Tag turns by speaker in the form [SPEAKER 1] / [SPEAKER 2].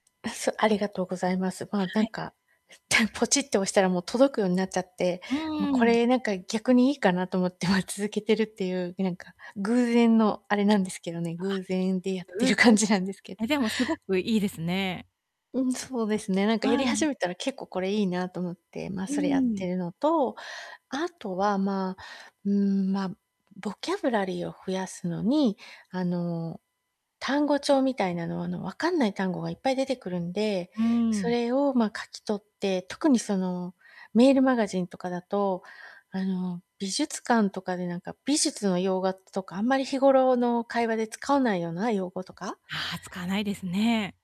[SPEAKER 1] あ、そありがとうございます。まあ、
[SPEAKER 2] は
[SPEAKER 1] 何
[SPEAKER 2] い。
[SPEAKER 1] かポチッて押したらもう届くようになっちゃって。
[SPEAKER 2] う
[SPEAKER 1] もうこ
[SPEAKER 2] ーん。
[SPEAKER 1] れ何か逆にいいかなと思って、ま、続けてるっていう、え、何か偶然のあれなんですけどね。
[SPEAKER 2] あ
[SPEAKER 1] 偶然でやっ
[SPEAKER 2] っ、
[SPEAKER 1] て
[SPEAKER 2] 運
[SPEAKER 1] る
[SPEAKER 2] 送
[SPEAKER 1] 感
[SPEAKER 2] で。
[SPEAKER 1] じなんですけど。
[SPEAKER 2] え、でもすごくいいですね。
[SPEAKER 1] うん、そうですね。何か
[SPEAKER 2] は
[SPEAKER 1] やり始
[SPEAKER 2] い。
[SPEAKER 1] めたら、結構これいいなと思って。ま、
[SPEAKER 2] う
[SPEAKER 1] それやって
[SPEAKER 2] ん。
[SPEAKER 1] るのと、あとは、まあ、うーん、ま、ボキャブラリーを増やすのに、あの、単語帳みたいなのは、あの、わかんない単語がいっぱい出てくるんで。
[SPEAKER 2] うー
[SPEAKER 1] そ
[SPEAKER 2] ん。
[SPEAKER 1] れを、ま、書き取って特にその、メールマガジンとかだと、あの、美術館とかでなんか、美術の洋画とか、あんまり日頃の会話で使わないような用語とか。
[SPEAKER 2] ああ、使わないですね。